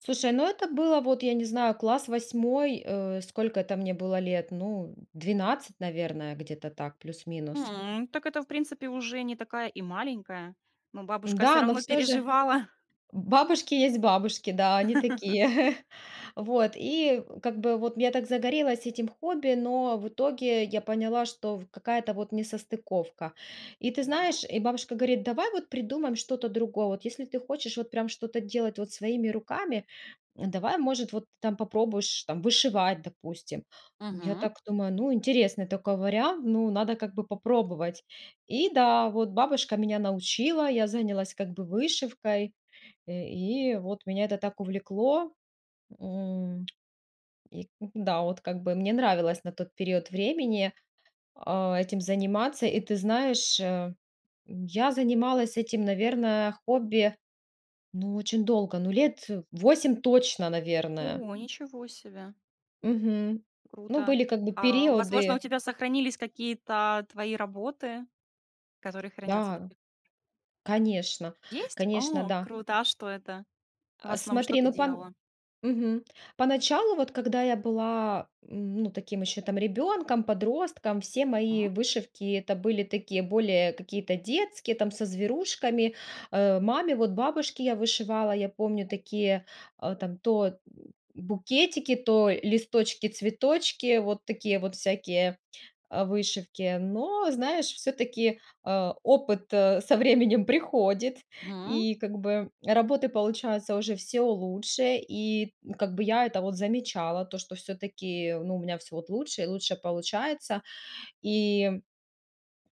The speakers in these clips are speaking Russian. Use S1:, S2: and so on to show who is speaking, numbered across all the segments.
S1: Слушай, ну, это было, вот я не знаю, класс 8, э, сколько это мне было лет. Ну, м, 12, наверное, где-то так плюс-минус.
S2: М. Так это, в принципе, уже не такая и маленькая, но бабушка всё
S1: Н-да, но
S2: равно
S1: всё же
S2: переживала.
S1: бабушки есть бабушки, да, они такие. Вот, и, э, как бы вот я так загорелась этим хобби, но в итоге я поняла, что в какая-то вот несостыковка. И ты
S2: М.
S1: знаешь, и бабушка говорит: "Давай вот придумаем что-то другое. Вот если ты хочешь вот прям что-то делать вот своими руками, давай, может, вот ты там попробуешь там вышивать, допустим". М, я
S2: Мгм.
S1: так думаю: "Ну, интересный такой вариант. Ну, надо как бы попробовать". И, да, вот бабушка меня научила, я занялась как бы вышивкой, э, и вот меня это так увлекло. М, и н н да, вот как бы мне нравилось на тот период времени, а, этим заниматься. И ты знаешь, э, м, я занималась этим, наверно, хобби, ну, очень долго, ну, лет, э, 8 точно, наверное.
S2: О, ничего себе.
S1: Мгм. Ну,
S2: Круто.
S1: были как бы
S2: А, возможно, у
S1: периоды.
S2: тебя сохранились какие-то твои работы, которые хранятся до
S1: Да,
S2: сих пор?
S1: конечно,
S2: Есть?
S1: конечно,
S2: О,
S1: да.
S2: круто, а что это? В
S1: А,
S2: основном, что
S1: смотри,
S2: ты
S1: ну, пон
S2: делала?
S1: Мгм, по началу вот, когда я была, м, ну, таким еще там ребенком, подростком, все мои
S2: М.
S1: вышивки- это были такие более какие-то детские, там со зверушками, э, маме вот, бабушке я вышивала, я помню, такие, э, там то, м м, букетики, то листочки-цветочки вот такие вот всякие, а, вышивки. Но, знаешь, всё-таки, а, опыт, э, со временем приходит,
S2: Мгм.
S1: и как бы работы получается уже всё лучше. И, м, как бы я это вот замечала, то что всё-таки, ну, у меня всё вот лучше и лучше получается. И,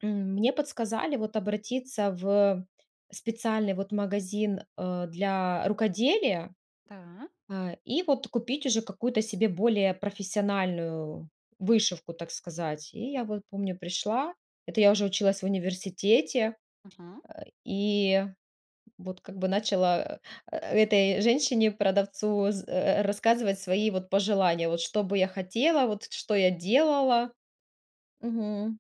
S1: м, мне подсказали вот обратиться в специальный вот магазин, э, для рукоделия,
S2: Та.
S1: а, и вот купить уже какую-то себе более профессиональную вышивку, так сказать. И я вот, помню, пришла, это я уже училась в университете,
S2: Мгм.
S1: а, и вот как бы начала, а а, этой женщине, продавцу з э э, рассказывать свои вот пожелания, вот, что бы я хотела, вот т что я делала. Мгм.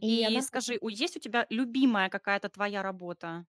S1: И
S2: И
S1: она п
S2: скажи, у есть у тебя любимая какая-то твоя работа?